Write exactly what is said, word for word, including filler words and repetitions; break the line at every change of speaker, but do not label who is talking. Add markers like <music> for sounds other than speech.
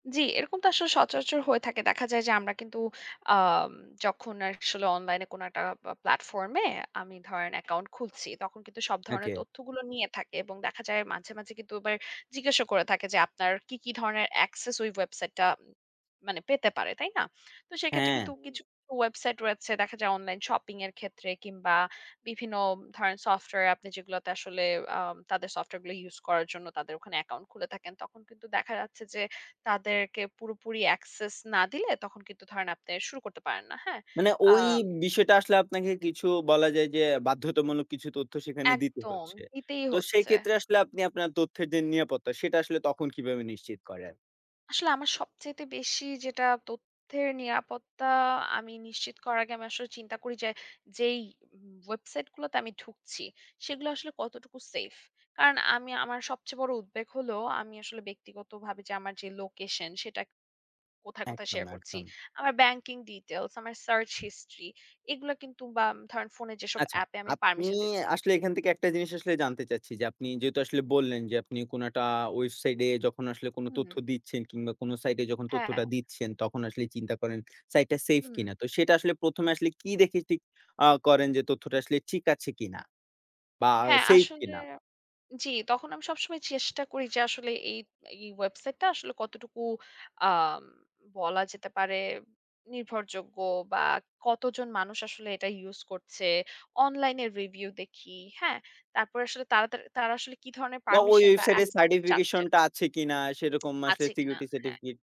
জি। এরকম তো আসলে সচরাচর হয়ে থাকে। দেখা যায় যে আমরা কিন্তু আম যখন আসলে অনলাইনে কোনো একটা পা প্লাটফর্ম এ আমি ধরেন অ্যাকাউন্ট খুলছি। তখন কিন্তু সব ধরনের
ওকে।
তথ্যগুলো নিয়ে থাকে। এবং দেখা যায় মাঝে, মাঝে কিন্তু এবার জিজ্ঞাসা করে থাকে যে আপনার কী, কী ধরনের access ওই ওয়েবসাইটেটা মানে পেতে পারে, তাই না? তো সেক্ষেত্রে কিন্তু
হ্যাঁ।
কিছু ওয়েবসাইটে রয়েছে দেখা যায় অনলাইন শপিং এর ক্ষেত্রে কিংবা বিভিন্ন ধরেন সফটওয়্যার আপনি যেগুলাতে আসলে আ তাদের সফটওয়্যার গুলো ইউস করার জন্য তাদের ওখানে অ্যাকাউন্ট খুলে থাকেন। তখন কিন্তু দেখা যাচ্ছে যে তাদেরকে পুরোপুরি access না দিলে তখন কিন্তু ধরেন আপনে শুরু করতে পারেন না, হ্যাঁ?
মানে
আ
ওই বিষয়টা আসলে আপনাকে কিছু বলা যায় যে বাধ্যতামূলক কিছু তথ্য সেখানে দিতে
একদম
হচ্ছে।
দিতেই
তো সেই
হচ্ছে।
ক্ষেত্রে আসলে আপনি আপনার তথ্যের যে নিরাপত্তা, সেটা আসলে তখন কিভাবে নিশ্চিত করেন?
আসলে আমার সবচাইতে বেশি যেটা তথ্যের নিরাপত্তা আমি নিশ্চিত করার আগে আমি আসলে চিন্তা করি যে যেই উম ওয়েবসাইটে গুলাতে আমি ঢুকছি, সেগুলা আসলে কতটুকু সেইফ। কারণ আমি আমার সবচেয়ে বড় উদ্বেগ হলো আমি আসলে ব্যক্তিগতভাবে যে আমার যে লোকেশন সেটা কোথায়, কোথায়
একদম,
শেয়ার করছি।
একদম।
আমার ব্যাংকিং ডিটেইলস, আমার সার্চ হিস্ট্রি এগুলো কিন্তু বা ধরেন ফোনে যেসব
আচ্ছা
এ্যাপে আমি
আপনি
পারমিশন দিচ্ছি,
আসলে
জি
এখান থেকে একটা জিনিস আসলে জানতে চাচ্ছি। যে আপনি যেহেতু আসলে
হু।
বললেন যে আপনি কোনো অ্যাটা ওয়েবসাইটে এ যখন আসলে কোনো
হুম।
তথ্য দিচ্ছেন কিংবা কোনো সাইট এ যখন
হ্যাঁ।
তথ্যটা দিচ্ছেন, তখন আসলে চিন্তা করেন সাইটটা সেইফ
হুম।
কিনা। তো সেটা আসলে প্রথম এ আসলে কি দেখে ঠিক আ করেন যে তথ্যটা আসলে ঠিক আছে কিনা বা
হ্যাঁ
সেইফ
আসলে।
কিনা?
জি তখন আমি সবসময় চেষ্টা করি যে আসলে এই এই ওয়েবসাইটটা আসলে কতটুকু আ বলা যেতে পারে নির্ভরযোগ্য বা কতজন মানুষ আসলে এটা ইউস করছে? অনলাইনে রিভিউ দেখি, হ্যাঁ? তারপরে আসলে তারা তার তারা আসলে কি ধরনের
বা ওই
পারমিশন বা
ওয়েবসাইটে
অ্যাকসেস চাচ্ছেন?
সার্টিফিকেশনটা আছে কিনা সেইরকম
<smacks lips>
আসলে
আছে কিনা?
সিকিউরিটি
হ্যাঁ।
সার্টিফিকেট